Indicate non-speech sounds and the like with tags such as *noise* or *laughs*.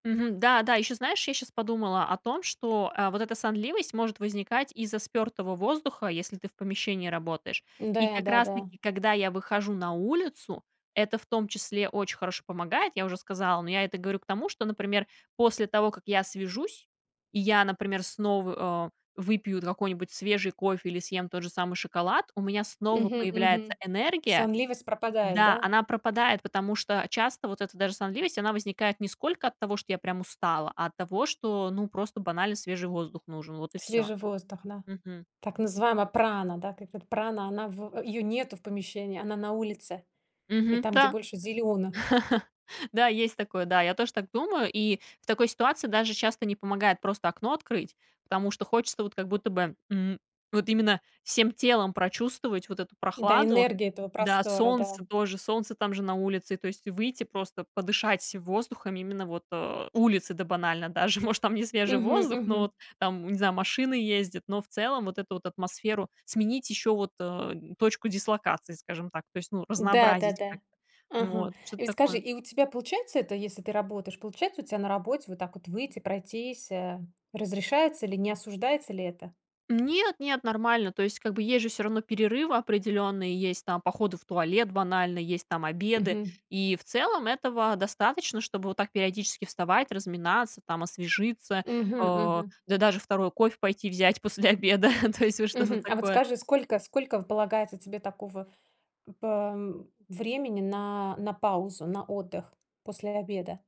Мгм. Да-да, ещё, знаешь, я щас подумала о том, что, э, вот эта сонливость может возникать из-за спёртого воздуха, если ты в помещении работаешь. И Да, как раз да-да. таки, когда я выхожу на улицу, это в том числе очень хорошо помогает, я уже сказала. Но я это говорю к тому, что, например, после того, как я свяжусь, и я, например, снова, э, выпью какой-нибудь свежий кофе или съем тот же самый шоколад, у меня снова Мгм, мгм. появляется энергия. Сонливость пропадает, Да, да? она пропадает, потому что часто вот эта даже сонливость, она возникает не сколько от того, что я прям устала, а от того, что, ну, просто банально свежий воздух нужен, вот и всё. Свежий воздух, да. Мгм. Так называемая прана, да, так как прана, она в её нету в помещении, она на улице, и Мгм. там, где Да. больше зелёных. *laughs* Да, есть такое, да, я тоже так думаю. И в такой ситуации даже часто не помогает просто окно открыть, потому что хочется вот как будто, м, вот именно всем телом прочувствовать вот эту Да, прохладу. энергия этого Да, простора, да. солнце тоже, солнце там же на улице, и то есть выйти просто подышать воздухом, именно вот, э, улице, да банально даже, может, там не свежий Мгм, воздух, но мгм. вот там, не знаю, машины ездят, но в целом вот эту вот атмосферу сменить, ещё вот, э, точку дислокации, скажем так, то есть, ну, разнообразить Да-да-да. как-то. Ага, Вот, что-то и скажи, такое. и у тебя получается это, если ты работаешь, получается у тя на работе вот так вот выйти, пройтись, э, разрешается или не осуждается ли это? Нет, нет, нормально. То есть, как бы, есть же всё равно перерывы определённые, есть там походы в туалет, банально есть там обеды. Мгм. И в целом этого достаточно, чтобы вот так периодически вставать, разминаться, там, освежиться, э, Мгм, да мгм. даже 2 кофе пойти взять после обеда. *chuckles* То есть вот что-то Мгм. А вот такое. скажи, сколько сколько полагается тебе такого пэ времени на на паузу, на отдых после обеда?